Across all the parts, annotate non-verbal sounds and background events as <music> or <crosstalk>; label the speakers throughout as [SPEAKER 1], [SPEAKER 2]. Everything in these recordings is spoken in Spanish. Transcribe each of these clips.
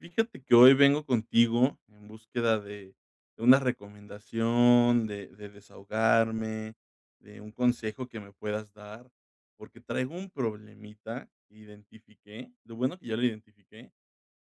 [SPEAKER 1] Fíjate que hoy vengo contigo en búsqueda de de una recomendación, de de desahogarme, de un consejo que me puedas dar, porque traigo un problemita. Identifiqué lo bueno que ya lo identifiqué.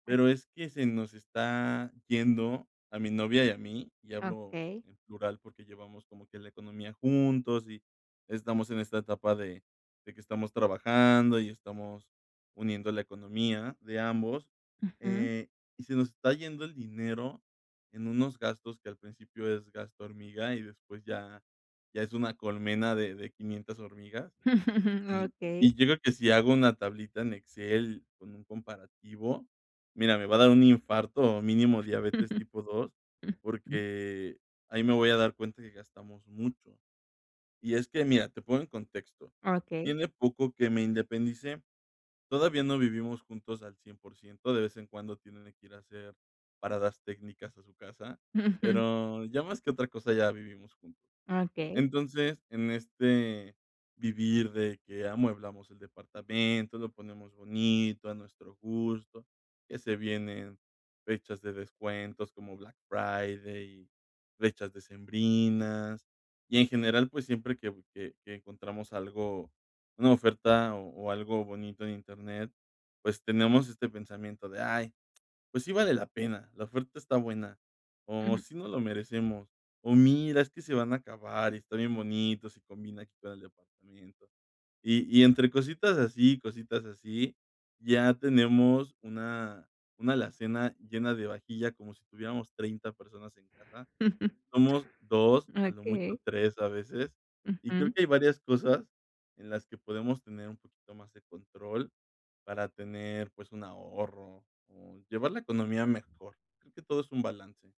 [SPEAKER 1] Pero es que se nos está yendo a mi novia y a mí y hablo
[SPEAKER 2] Okey.
[SPEAKER 1] en plural, porque llevamos como que la economía juntos, y estamos en esta etapa de de que estamos trabajando, y estamos uniendo la economía de ambos,
[SPEAKER 2] Ujú.
[SPEAKER 1] eh, y se nos está yendo el dinero en unos gastos que al principio es gasto hormiga, y después ya ya es una colmena de de 500 hormigas.
[SPEAKER 2] <chuckles>
[SPEAKER 1] Y
[SPEAKER 2] Okey.
[SPEAKER 1] y creo que si hago una tablita en Excel con un comparativo, mira, me va a dar un infarto o mínimo diabetes tipo 2,
[SPEAKER 2] <chuckles>
[SPEAKER 1] porque ahí me voy a dar cuenta que gastamos mucho. Y es que mira, te pongo en contexto:
[SPEAKER 2] Okey.
[SPEAKER 1] tiene poco que me independicé. Todavía no vivimos juntos al 100%, de vez en cuando, tiene que ir a hacer paradas técnicas a su casa,
[SPEAKER 2] Ujú.
[SPEAKER 1] pero ya más que otra cosa, ya vivimos juntos.
[SPEAKER 2] Okey.
[SPEAKER 1] Entonces, en este vivir, de que amueblamos el departamento, lo ponemos bonito a nuestro gusto, que se vienen fechas de descuentos como Black Friday, fechas decembrinas. Y en general, pues siempre que que que encontramos algo, una oferta, o o algo bonito en internet, pues tenemos este pensamiento de: "Ay, pues sí, vale la pena. La oferta está buena", o
[SPEAKER 2] Ujú.
[SPEAKER 1] "sí nos lo merecemos". O: "Mira, es que se van a acabar, y está bien bonito. Sí combina aquí con el departamento". Y y entre cositas así, y cositas así, ya tenemos una una alacena llena de vajilla como si tuviéramos 30 personas en casa.
[SPEAKER 2] <chuckles>
[SPEAKER 1] Somos 2, a lo mucho
[SPEAKER 2] Okey.
[SPEAKER 1] 3, a veces. Y creo
[SPEAKER 2] Ujú.
[SPEAKER 1] que hay varias cosas en las que podemos tener un poquito más de control, para tener, pues, un ahorro, o llevar la economía mejor, creo que todo es un balance.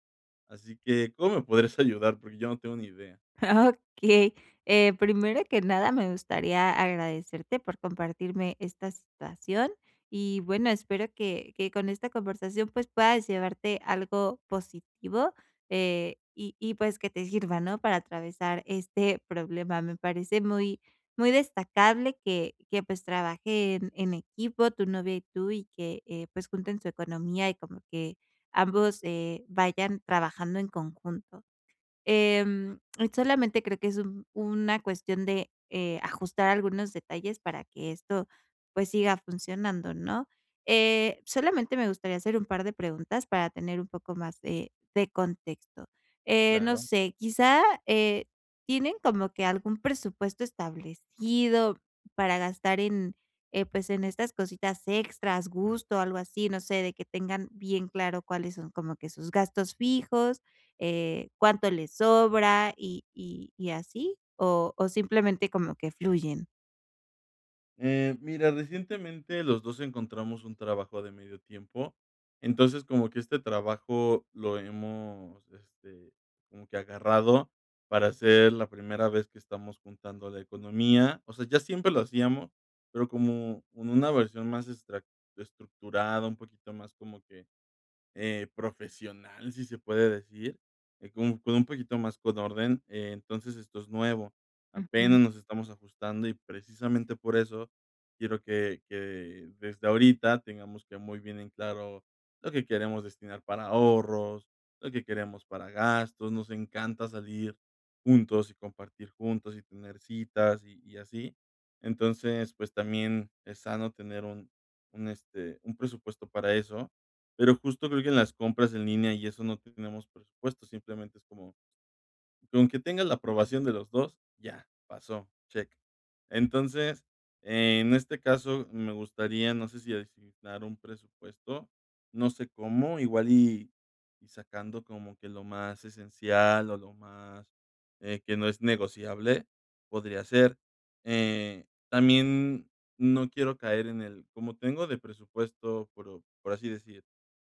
[SPEAKER 1] Así que, ¿cómo me podrías ayudar? Porque yo no tengo ni idea.
[SPEAKER 2] Okey. Eh, primero que nada, me gustaría agradecerte por compartirme esta situación. Y bueno, espero que que con esta conversación, pues, puedas llevarte algo positivo, eh, y y pues, que te sirva, ¿no?, para atravesar este problema. Me parece muy muy destacable, que que, pues, trabajen en equipo tu novia y tú, y que, eh, pues, junten su economía, y como que ambos, eh, vayan trabajando en conjunto. Em, solamente, creo que es un una cuestión de, eh, ajustar algunos detalles para que esto, pues, siga funcionando, ¿no? Eh, solamente me gustaría hacer un par de preguntas, para tener un poco más de de contexto. Eh, no
[SPEAKER 1] Claro.
[SPEAKER 2] sé, quizá, eh, ¿tienen como que algún presupuesto establecido para gastar en, eh, pues, en estas cositas extras, gusto, o algo así? No sé, de que tengan bien claro cuáles son como que sus gastos fijos, eh, cuánto les sobra, y y y así. ¿O o simplemente como que fluyen?
[SPEAKER 1] Eh, mira, recientemente los 2 encontramos un trabajo de medio tiempo, entonces, como que este trabajo lo hemos, este, como que agarrado para ser la primera vez que estamos juntando la economía, o sea, ya siempre lo hacíamos, pero como con una versión más estra estructurada, un poquito más como que, eh, profesional, si se puede decir, eh, como con un poquito más con orden, eh, entonces esto es nuevo,
[SPEAKER 2] Ujú.
[SPEAKER 1] apenas nos estamos ajustando, y precisamente por eso quiero que que desde ahorita tengamos que muy bien en claro lo que queremos destinar para ahorros, lo que queremos para gastos, nos encanta salir juntos y compartir juntos y tener citas, y y así, entonces, pues también es sano tener un un, este, un presupuesto para eso, pero justo creo que en las compras en línea y eso no tenemos presupuesto, simplemente es como con que tenga la aprobación de los 2, ya pasó, check, entonces, en este caso me gustaría, no sé si asignar un presupuesto, no sé cómo, igual y y sacando como que lo más esencial, o lo más, eh, que no es negociable podría ser, eh, también no quiero caer en el: "Como tengo de presupuesto" pero, por así decir,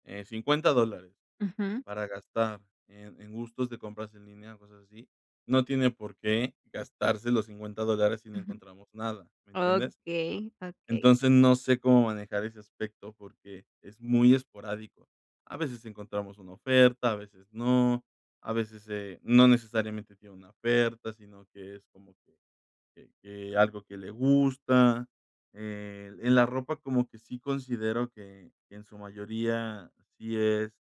[SPEAKER 1] eh, $50 dólares,
[SPEAKER 2] Ujú.
[SPEAKER 1] para gastar en en gustos de compras en línea o cosas así, no tiene por qué gastarse los $50 dólares si no
[SPEAKER 2] Ujú.
[SPEAKER 1] encontramos nada, ¿me entiendes?
[SPEAKER 2] Okey, okey.
[SPEAKER 1] Entonces, no sé cómo manejar ese aspecto porque es muy esporádico, a veces encontramos una oferta, a veces no, a veces, eh, no necesariamente tiene una oferta, sino que es como que que que algo que le gusta, eh, en la ropa como que sí considero que que en su mayoría sí es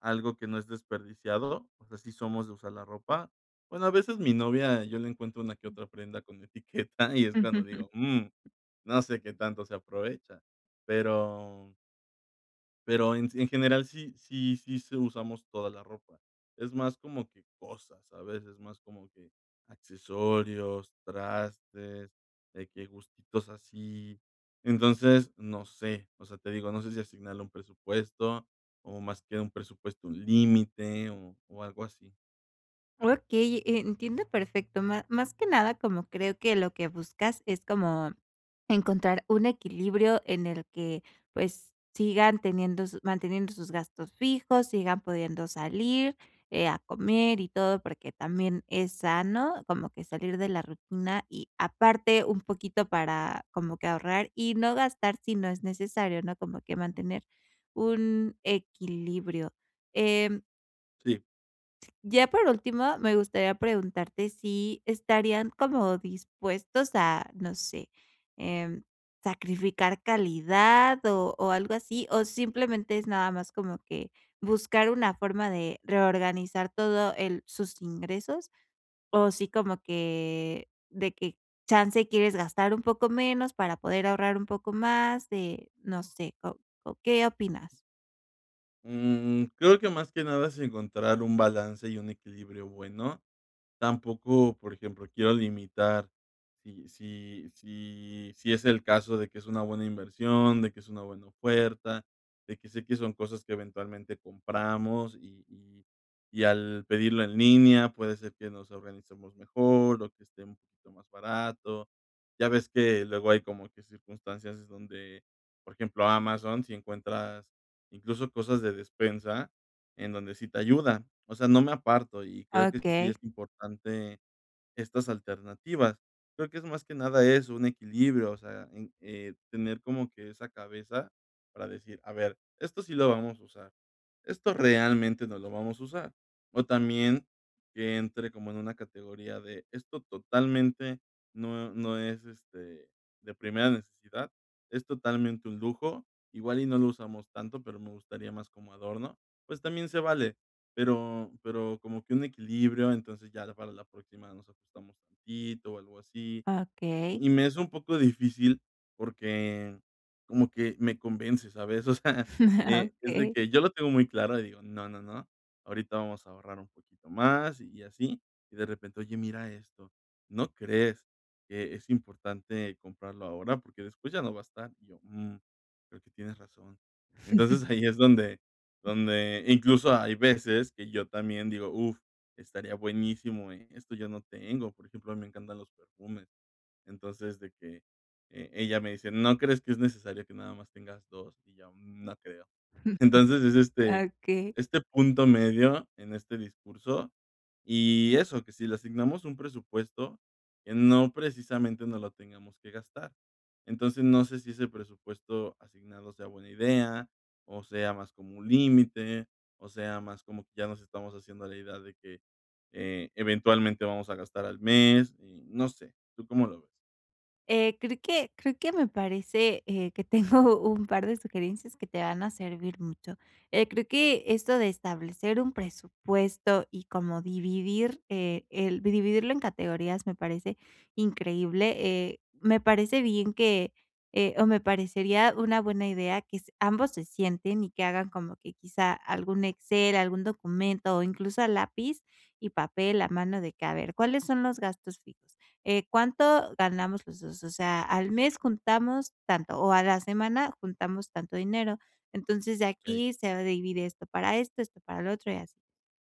[SPEAKER 1] algo que no es desperdiciado, o sea, sí somos de usar la ropa. Bueno, a veces mi novia, yo le encuentro una que otra prenda con etiqueta y es cuando digo: "Mm,
[SPEAKER 2] <chuckles>
[SPEAKER 1] no sé qué tanto se aprovecha", pero Pero en en general sí sí sí sí usamos toda la ropa. Es más como que cosas, ¿sabes?, es más como que, accesorios, trastes, de que gustitos así. Entonces, no sé. O sea, te digo, no sé si asignarle un presupuesto o más que un presupuesto, un límite o o algo así.
[SPEAKER 2] Okey, eh, entiendo perfecto. Ma más que nada, como creo que lo que buscas es como, encontrar un equilibrio en el que, pues, sigan teniendo su manteniendo sus gastos fijos, sigan pudiendo salir, eh, a comer y todo. Porque también es sano, como que salir de la rutina y aparte un poquito para, como que ahorrar y no gastar si no es necesario, ¿no?, como que mantener un equilibrio, em
[SPEAKER 1] Sí.
[SPEAKER 2] Ya por último, me gustaría preguntarte si ¿estarían como dispuestos a, no sé, em, sacrificar calidad o o algo así, o simplemente es nada más como que, buscar una forma de reorganizar todo el sus ingresos? O sí como que, de que chance y quieres gastar un poco menos para poder ahorrar un poco más de no sé, o o, ¿qué opinas?
[SPEAKER 1] Mm, creo que más que nada es encontrar un balance y un equilibrio bueno. Tampoco, por ejemplo, quiero limitar si si si si es el caso de que es una buena inversión, de que es una buena oferta, de que sé que son cosas que eventualmente compramos y y y al pedirlo en línea, puede ser que nos organicemos mejor o que esté un poquito más barato. Ya ves que luego hay como que circunstancias donde, por ejemplo, Amazon sí encuentras, incluso, cosas de despensa en donde sí te ayuda, o sea, no me aparto y creo que sí
[SPEAKER 2] Okey.
[SPEAKER 1] es importante estas alternativas. Creo que es más que nada eso, un equilibrio, o sea, un, eh, tener como que esa cabeza para decir: "A ver, esto sí lo vamos a usar, esto realmente no lo vamos a usar", o también que entre como en una categoría de: "Esto totalmente no no es, este, de primera necesidad, es totalmente un lujo, igual y no lo usamos tanto, pero me gustaría más como adorno", pues también se vale, pero pero como que un equilibrio, entonces, ya para la próxima nos ajustamos tantito o algo así.
[SPEAKER 2] Okey.
[SPEAKER 1] Y me es un poco difícil porque como que me convence, ¿sabes?, o sea, eh,
[SPEAKER 2] <chuckles>
[SPEAKER 1] es de
[SPEAKER 2] Okey.
[SPEAKER 1] que yo lo tengo muy claro y digo: "No, no, no. Ahorita vamos a ahorrar un poquito más", y así. Y, de repente: "Oye, mira esto, ¿no crees que es importante comprarlo ahora? Porque después ya no va a estar". Y yo: "Mm, creo que tienes razón". Entonces,
[SPEAKER 2] <chuckles>
[SPEAKER 1] ahí es donde donde incluso, hay veces que yo también digo: "Uf, estaría buenísimo, ¿eh?, esto yo no tengo". Por ejemplo, a mí me encantan los perfumes, entonces de que, eh, ella me dice: "¿No crees que es necesario que nada más tengas 2?". Y yo: "Mm, no creo".
[SPEAKER 2] <chuckles>
[SPEAKER 1] Entonces, es, este,
[SPEAKER 2] Okey.
[SPEAKER 1] este punto medio, en este discurso, y eso, que si le asignamos un presupuesto que no precisamente nos lo tengamos que gastar. Entonces, no sé si ese presupuesto asignado sea buena idea o sea más como un límite, o sea más como que ya nos estamos haciendo a la idea de que, eh, eventualmente vamos a gastar al mes y no sé, ¿tú cómo lo ves?
[SPEAKER 2] Eh, creo que creo que me parece, eh, que tengo un par de sugerencias que te van a servir mucho. Eh, creo que esto de establecer un presupuesto y como dividir, eh, el vi dividirlo en categorías me parece increíble, eh, me parece bien que, eh, o me parecería una buena idea que s ambos se sienten y que hagan como que quizá algún Excel, algún documento o incluso a lápiz y papel, a mano, de que: "A ver, ¿cuáles son los gastos fijos?". Eh, "¿cuánto ganamos los dos?", o sea, al mes juntamos tanto, o a la semana juntamos tanto dinero. Entonces, de
[SPEAKER 1] Okey.
[SPEAKER 2] aquí se va a dividir esto para esto, esto para lo otro y así.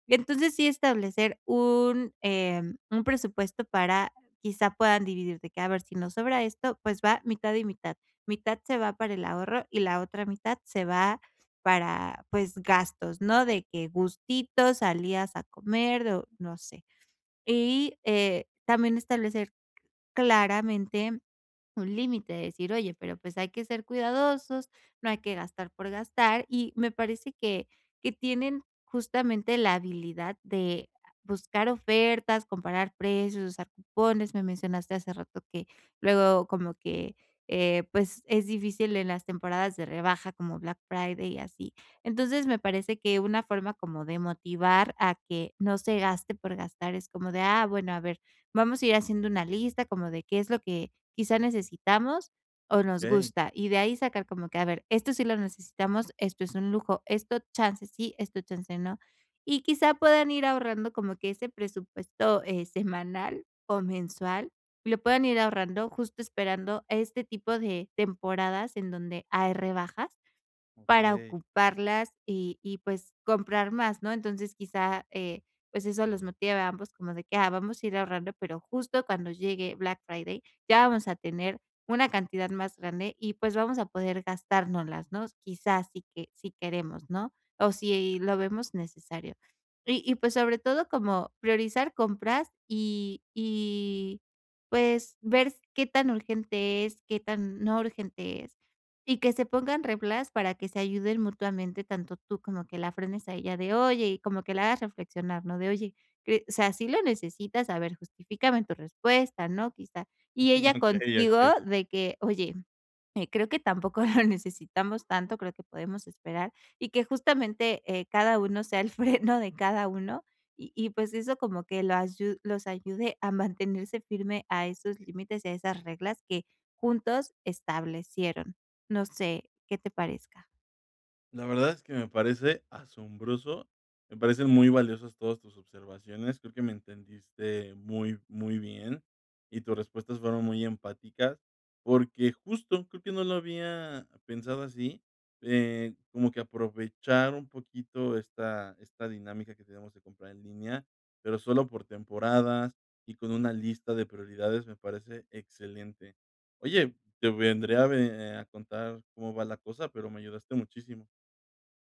[SPEAKER 2] Entonces sí, establecer un, em, un presupuesto para quizá puedan dividir, de que: "A ver, si nos sobra esto, pues va mitad y mitad". Mitad se va para el ahorro y la otra mitad se va para pues, gastos, ¿no?, de que gustito, salidas a comer o no sé. Y, eh, también establecer claramente un límite, de decir: "Oye, pero pues hay que ser cuidadosos, no hay que gastar por gastar" y me parece que que tienen justamente la habilidad de buscar ofertas, comparar precios, usar cupones. Me mencionaste hace rato que luego como que, eh, pues es difícil en las temporadas de rebaja como Black Friday y así. Entonces, me parece que una forma como de motivar a que no se gaste por gastar es como de: "Ah, bueno, a ver, vamos a ir haciendo una lista como de qué es lo que quizá necesitamos, o nos
[SPEAKER 1] Okey.
[SPEAKER 2] gusta" y de ahí sacar como que: "A ver, esto sí lo necesitamos, esto es un lujo, esto chance sí, esto chance no". Y quizá puedan ir ahorrando como que ese presupuesto, eh, semanal o mensual, lo puedan ir ahorrando, justo esperando este tipo de temporadas en donde hay rebajas, para
[SPEAKER 1] Okey.
[SPEAKER 2] ocuparlas y y, pues, comprar más, ¿no? Entonces quizá, eh, pues eso los motive a ambos como de que: "Ah, vamos a ir ahorrando, pero justo cuando llegue Black Friday ya vamos a tener una cantidad más grande y, pues, vamos a poder gastárnoslas, ¿no?, quizás si que si queremos, ¿no?, o si lo vemos necesario". Y y pues sobre todo, como priorizar compras y y, pues, ver s qué tan urgente es, qué tan no urgente es y que se pongan reglas para que se ayuden mutuamente, tanto tú como que la frenes a ella de: "Oye", y como que la hagas reflexionar, ¿no?, de: "Oye, cre o sea, ¿sí lo necesitas? A ver, justifícame tu respuesta", ¿no?, quizá. Y ella
[SPEAKER 1] Okey,
[SPEAKER 2] contigo
[SPEAKER 1] okey.
[SPEAKER 2] de que: "Oye, eh, creo que tampoco lo necesitamos tanto, creo que podemos esperar" y que justamente, eh, cada uno sea el freno de cada uno y y, pues, eso como que lo asyu los ayude a mantenerse firme a esos límites y a esas reglas que juntos establecieron. No sé qué te parezca.
[SPEAKER 1] La verdad es que me parece asombroso. Me parecen muy valiosas todas tus observaciones. Creo que me entendiste muy muy bien y tus respuestas fueron muy empáticas, porque justo creo que no lo había pensado así, eh, como que aprovechar un poquito esta esta dinámica que tenemos de comprar en línea, pero solo por temporadas y con una lista de prioridades. Me parece excelente. Oye, te vendré a ve a contar cómo va la cosa, pero me ayudaste muchísimo.